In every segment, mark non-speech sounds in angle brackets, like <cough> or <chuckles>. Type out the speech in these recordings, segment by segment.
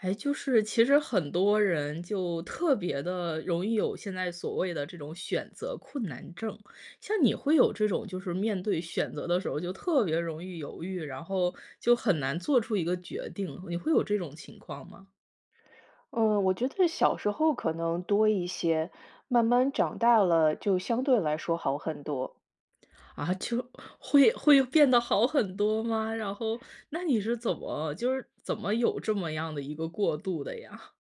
哎，就是其实很多人，就特别的容易有现在所谓的这种选择困难症，像你会有这种就是，面对选择的时候就特别容易犹豫，然后就很难做出一个决定，你会有这种情况吗？嗯，我觉得小时候可能多一些，慢慢长大了就相对来说好很多。啊，就会会变得好很多吗？然后那你是怎么就是怎么有这么样的一个过渡的呀？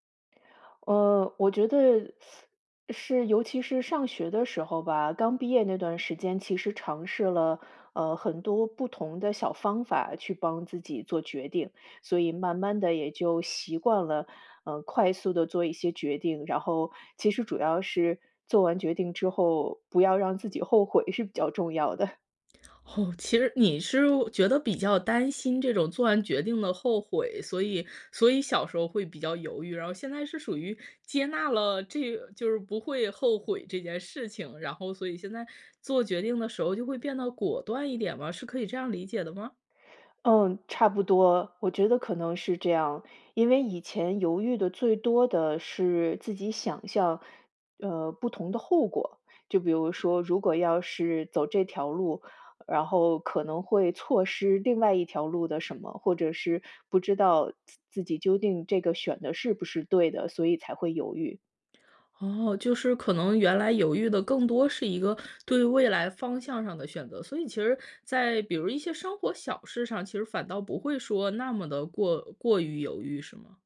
呃，我觉得 <sucks teeth> 是尤其是上学的时候吧，刚毕业那段时间其实尝试了，呃，很多不同的小方法去帮自己做决定，所以慢慢地也就习惯了，呃，快速地做一些决定，然后其实主要是做完决定之后，不要让自己后悔是比较重要的。<chuckles> <smacks lips> 哦，其实你是觉得比较担心这种做完决定的后悔，所以所以小时候会比较犹豫，然后现在是属于接纳了这就是不会后悔这件事情，然后所以现在做决定的时候就会变得果断一点吗？是可以这样理解的吗？<sucks teeth> 嗯，差不多。我觉得可能是这样，因为以前犹豫的最多的是自己想象，呃，不同的后果。就比如说，如果要是走这条路，然后可能会错失另外一条路的什么，或者是不知道自自己究竟这个选的是不是对的，所以才会犹豫。哦，就是可能原来犹豫的更多是一个对未来方向上的选择，所以其实在比如一些生活小事上，其实反倒不会说那么的过过于犹豫是吗？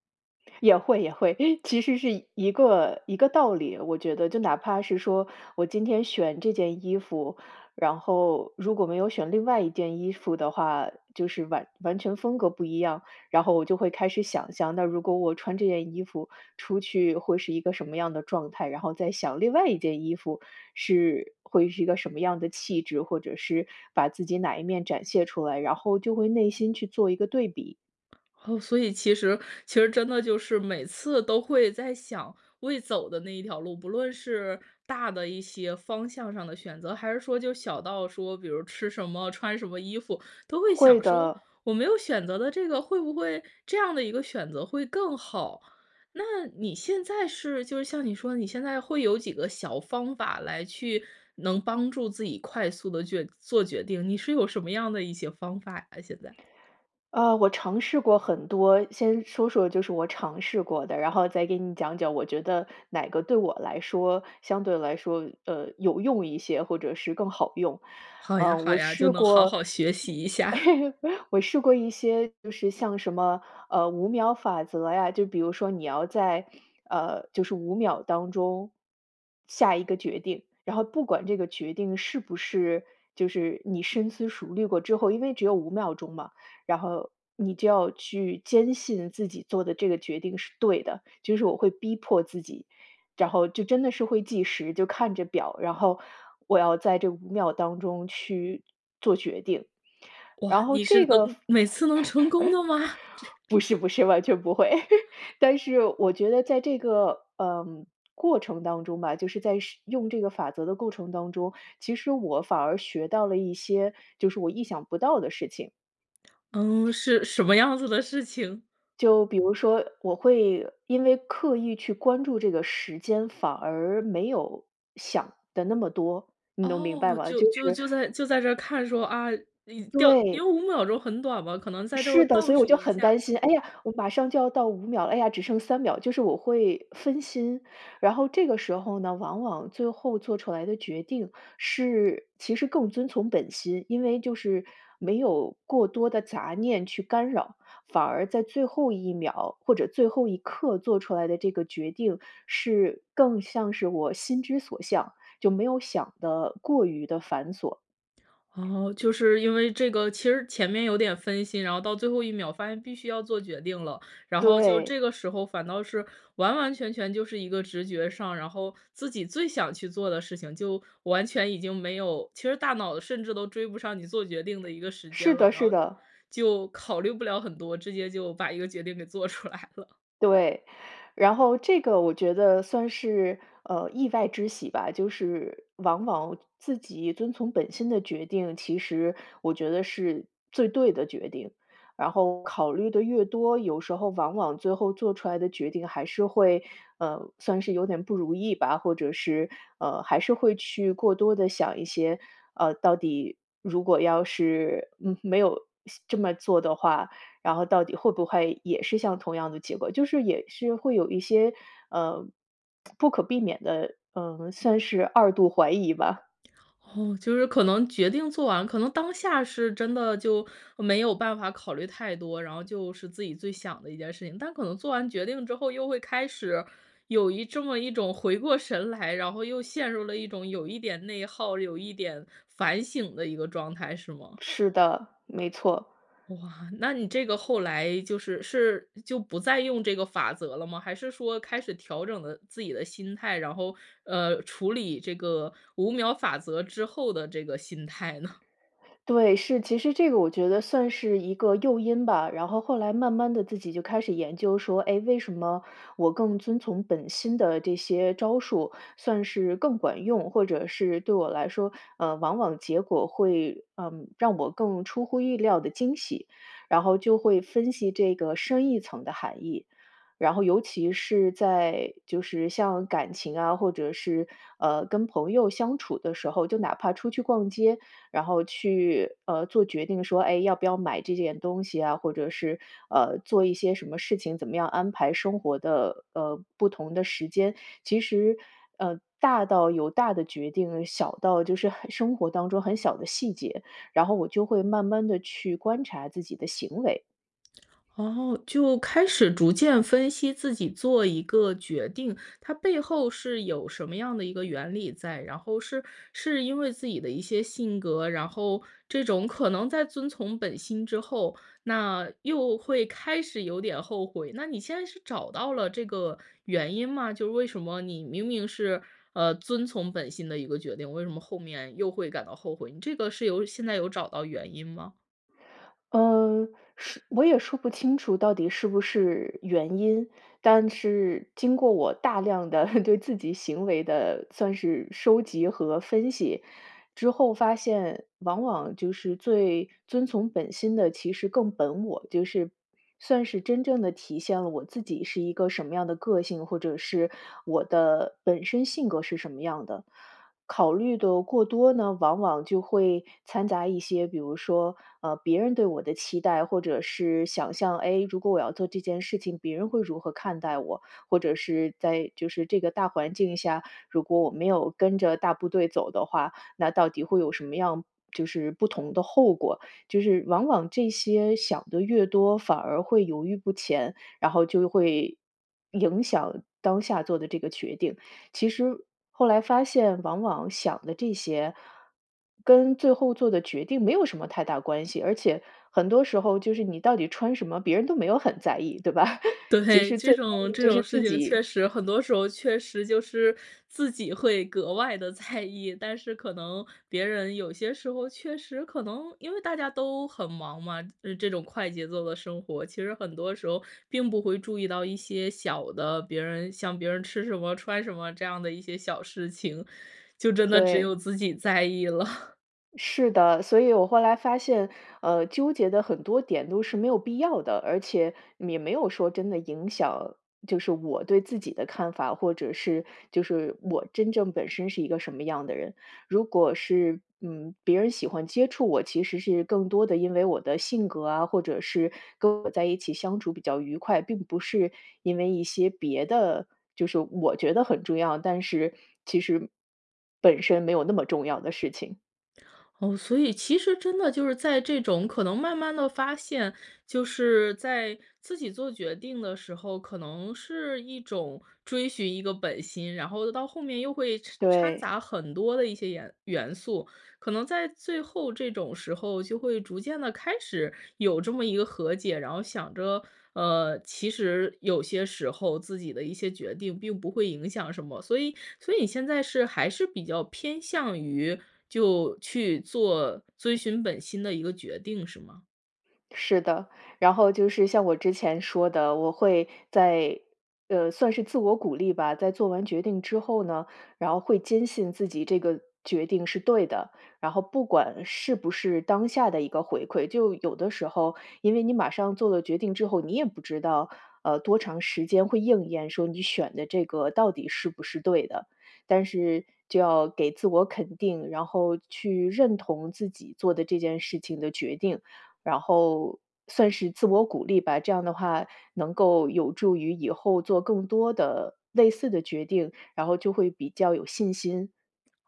也会，也会，其实是一个一个道理，我觉得就哪怕是说我今天选这件衣服，然后如果没有选另外一件衣服的话，就是完完全风格不一样。然后我就会开始想象，那如果我穿这件衣服出去会是一个什么样的状态？然后再想另外一件衣服，是，会是一个什么样的气质？或者是把自己哪一面展现出来？然后就会内心去做一个对比。哦，所以其实其实真的就是每次都会在想，未走的那一条路，不论是大的一些方向上的选择，还是说就小到说，比如吃什么，穿什么衣服，都会会想说，的。我没有选择的这个，会不会这样的一个选择会更好？那你现在是，就是像你说的，你现在会有几个小方法，来去能帮助自己快速地决做决定，你是有什么样的一些方法呀现在？啊，我尝试过很多。先说说就是我尝试过的，然后再给你讲讲，我觉得哪个对我来说，相对来说，呃，有用一些，或者是更好用。好呀，啊，好我呀，就试能好过，好学习一下。<chuckles> <chuckles> 我试过一些就是像什么，呃，5秒法则呀，就比如说你要在，呃，就是5秒当中，下一个决定。然后不管这个决定是不是就是你深思熟虑过之后因为只有5秒钟嘛，然后你就要去坚信自己做的这个决定是对的，就是我会逼迫自己，然后就真的是会计时，就看着表，然后我要在这5秒当中去做决定，哇，然后你这是个方能每次能成功的吗？这 <chuckles> 不是，不是，完全不会。<chuckles> 但是我觉得在这个，呃，过程当中吧，就是在使用这个法则的过程当中，其实我反而学到了一些，就是我意想不到的事情。<smacks lips> 嗯，是什么样子的事情？就比如说，我会因为刻意去关注这个时间，反而没有想的那么多，你能明白哦，吗？就就就是就在就在这儿看说，啊，因掉因对。为5秒钟很短嘛，可能在这是的，所倒以我数就一很下。担心，哎呀，我马上就要到5秒了，哎呀，只剩3秒，就是我会分心。然后这个时候呢，往往最后做出来的决定是其实更遵从本心，因为就是没有过多的杂念去干扰，反而在最后1秒或者最后一刻做出来的这个决定，是更像是我心之所向，就没有想得过于地繁琐。哦，就是因为这个其实前面有点分心，然后到最后1秒发现必须要做决定了，然后就这对。个时候反倒是完完全全就是一个直觉上，然后自己最想去做的事情就完全已经没有其实大脑甚至都追不上你做决定的一个时是间了，的，然是后的。就考虑不了很多，直接就把一个决定给做出来了。对，然后这个我觉得算是，呃，意外之喜吧。就是往往自己遵从本心的决定，其实我觉得是最对的决定，然后考虑得越多，有时候往往最后做出来的决定还是会，呃，算是有点不如意吧，或者是，呃，还是会去过多地想一些，呃，到底如果要是，嗯，没有西这么做的话，然后到底会不会也是像同样的结果，就是也是会有一些，呃，<tsk> 不可避免的，嗯，算是2度怀疑吧。<smacks lips> 哦，就是可能决定做完可能当下是真的就没有办法考虑太多，然后就是自己最想的一件事情。但可能做完决定之后又会开始有一这么一种回过神来，然后又陷入了一种，有一点内耗，有一点反省的一个状态，是吗？是的，没错。哇，那你这个后来就是是就不再用这个法则了吗？还是说开始调整的自己的心态，然后，呃，处理这个5秒法则之后的这个心态呢？对，是。其实这个我觉得算是一个诱因吧，然后后来慢慢地自己就开始研究说，哎，为什么我更遵从本心的这些招数，算是更管用，或者是对我来说，呃，往往结果会，嗯，让我更出乎意料的惊喜？然后就会分析这个深一层的含义。然后尤其是在就是像感情啊，或者是，呃，跟朋友相处的时候，就哪怕出去逛街，然后去，呃，做决定说，哎，要不要买这件东西啊？或者是，呃，做一些什么事情，怎么样安排生活的，呃，不同的时间，其实，呃，大到有大的决定，小到就是很生活当中很小的细节，然后我就会慢慢地去观察自己的行为。<smacks lips> 哦，就开始逐渐分析自己做一个决定，它背后是有什么样的一个原理在，然后是是因为自己的一些性格，然后这种可能在遵从本心之后，那又会开始有点后悔，那你现在是找到了这个原因吗？就为什么你明明是，呃，遵从本心的一个决定，为什么后面又会感到后悔？你这个是有现在有找到原因吗？嗯，说我也说不清楚到底是不是原因。但是经过我大量地 <chuckles> 对自己行为的算是收集和分析，之后发现往往就是最遵从本心的其实更本我，就是算是真正地体现了我自己是一个什么样的个性，或者是我的本身性格是什么样的。考虑的过多呢，往往就会掺杂一些比如说，呃，别人对我的期待，或者是想象。哎，如果我要做这件事情，别人会如何看待我？或者是在就是这个大环境下，如果我没有跟着大部队走的话，那到底会有什么样就是不同的后果？就是往往这些想的越多，反而会犹豫不前，然后就会影响当下做的这个决定。其实后来发现往往想的这些跟最后做的决定没有什么太大关系，而且很多时候就是你到底穿什么，别人都没有很在意，对吧？<chuckles> 其对，实这最在意种，的这就种是事自情己。确实很多时候确实就是自己会格外地在意，但是可能别人有些时候确实可能因为大家都很忙嘛。呃，这种快节奏的生活，其实很多时候并不会注意到一些小的，别人像别人吃什么、穿什么这样的一些小事情，就真的只对。有自己在意了。<chuckles> 是的，所以我后来发现，呃，纠结的很多点都是没有必要的，而且也没有说真的影响，就是我对自己的看法，或者是就是我真正本身是一个什么样的人。如果是，嗯，别人喜欢接触我，其实是更多的因为我的性格啊，或者是跟我在一起相处比较愉快，并不是因为一些别的就是我觉得很重要，但是其实，本身没有那么重要的事情。哦，所以其实真的就是在这种可能慢慢地发现，就是在自己做决定的时候，可能是一种追寻一个本心，然后到后面又会掺掺对。杂很多的一些颜元素。可能在最后这种时候，就会逐渐地开始有这么一个和解。然后想着，呃，其实有些时候自己的一些决定并不会影响什么，所以所以你现在是还是比较偏向于，就去做遵循本心的一个决定，是吗？是的，然后就是像我之前说的，我会在呃，算是自我鼓励吧，在做完决定之后呢，然后会坚信自己这个决定是对的。然后不管是不是当下的一个回馈，就有的时候因为你马上做了决定之后，你也不知道，呃，多长时间会应验，说你选的这个到底是不是对的。但是就要给自我肯定，然后去认同自己做的这件事情的决定，然后算是自我鼓励吧，这样的话能够有助于以后做更多的、类似的决定，然后就会比较有信心。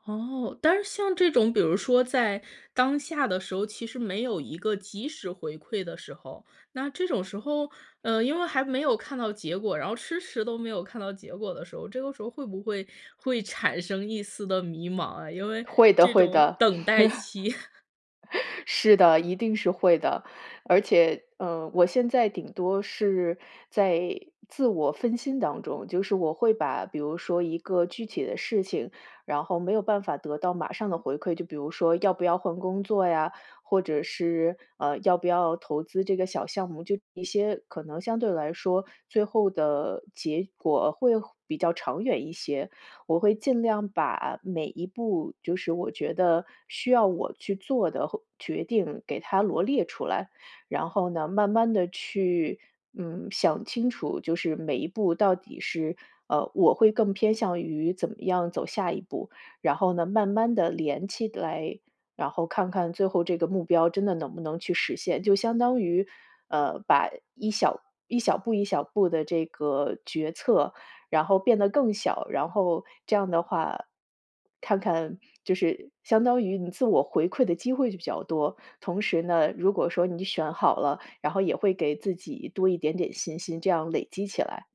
哦。但是像这种比如说在当下的时候，其实没有一个及时回馈的时候，那这种时候，呃，因为还没有看到结果，然后迟迟都没有看到结果的时候，这个时候会不会，会产生一丝的迷茫啊？因为会的，这会种的。等待期。<chuckles> <chuckles> 是的，一定是会的。而且，呃，我现在顶多是在自我分心当中，就是我会把比如说一个具体的事情，然后没有办法得到马上的回馈，就比如说要不要换工作呀，或者是，呃，要不要投资这个小项目，就一些可能相对来说最后的结果会比较长远一些。我会尽量把每一步，就是我觉得需要我去做的或决定给它罗列出来，然后呢，慢慢地去，嗯，想清楚，就是每一步到底是，呃，我会更偏向于怎么样走下一步。然后呢，慢慢地连起来，然后看看最后这个目标真的能不能去实现。就相当于，呃，把一小一小步一小步的这个决策，然后变得更小，然后这样的话，看看就是相当于你自我回馈的机会就比较多。同时呢，如果说你选好了，然后也会给自己多一点点信心，这样累积起来。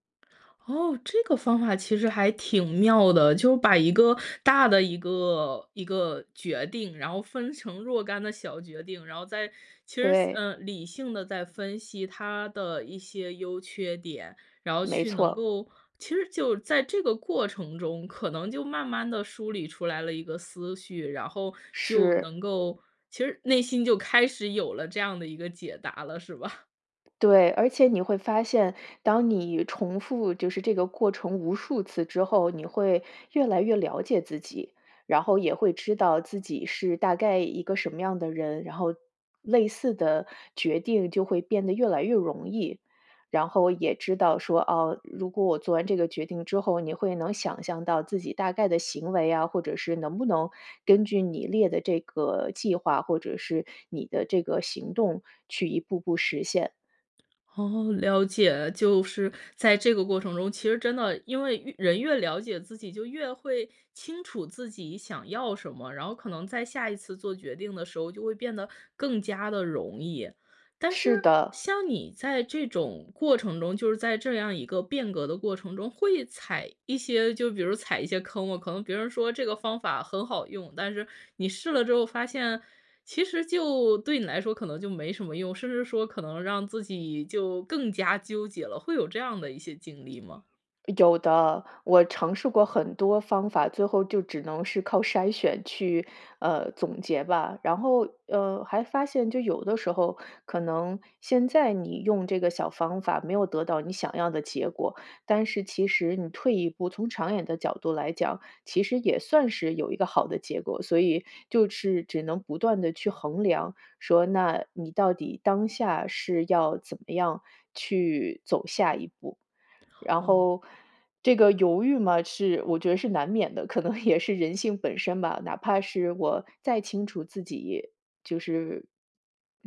哦，这个方法其实还挺妙的。就把一个大的一个一个决定，然后分成若干的小决定，然后再，其实，对。呃，理性地再分析它的一些优缺点，然后没去能错。够其实就在这个过程中，可能就慢慢地梳理出来了一个思绪，然后就是。能够其实内心就开始有了这样的一个解答了，是吧？<chuckles> 对，而且你会发现，当你重复就是这个过程无数次之后，你会越来越了解自己，然后也会知道自己是大概一个什么样的人，然后类似的决定就会变得越来越容易。然后也知道说，哦，如果我做完这个决定之后，你会能想象到自己大概的行为啊，或者是能不能根据你列的这个计划，或者是你的这个行动去一步步实现。哦，了解，就是在这个过程中，其实真的，因为越人越了解自己，就越会清楚自己想要什么，然后可能在下一次做决定的时候，就会变得更加地容易。但是是的。像你在这种过程中，就是在这样一个变革的过程中，会踩一些就是比如踩一些坑吗。可能别人说这个方法很好用，但是你试了之后发现，其实就对你来说可能就没什么用，甚至说可能让自己就更加纠结了，会有这样的一些经历吗？有的，我尝试过很多方法，最后就只能是靠筛选去，呃，总结吧。然后，呃，还发现就有的时候，可能现在你用这个小方法没有得到你想要的结果，但是其实你退一步，从长远的角度来讲，其实也算是有一个好的结果，所以就是只能不断地去衡量说，那你到底当下是要怎么样去走下一步。然哦。后这个犹豫嘛，是，我觉得是难免的，可能也是人性本身吧，哪怕是我再清楚自己，就是，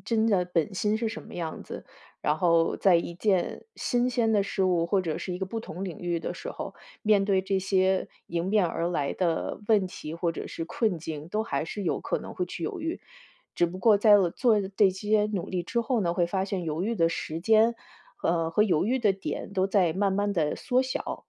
真的本心是什么样子，然后在一件新鲜的事物或者是一个不同领域的时候，面对这些迎面而来的问题或者是困境，都还是有可能会去犹豫。只不过在，呃，做这些努力之后呢，会发现犹豫的时间，呃，和犹豫的点都在慢慢地缩小。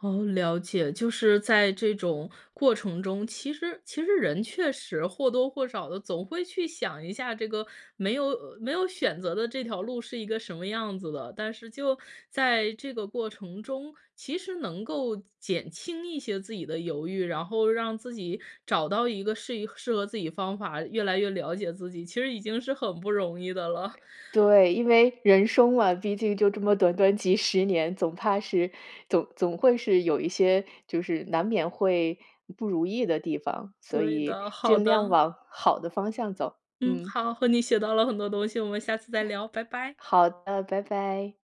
哦，了解。就是在这种过程中，其实其实人确实或多或少地总会去想一下这个，没有没有选择的这条路是一个什么样子的。但是就在这个过程中，其实能够减轻一些自己的犹豫，然后让自己找到一个适宜适合自己方法，越来越了解自己，其实已经是很不容易的了。对，因为人生嘛，毕竟就这么短短几10年，总怕是，总总会是有一些就是难免会不如意的地方。所对以，的，好尽量的。往好的方向走，嗯，嗯。好，和你学到了很多东西，我们下次再聊，拜拜。好的，拜拜。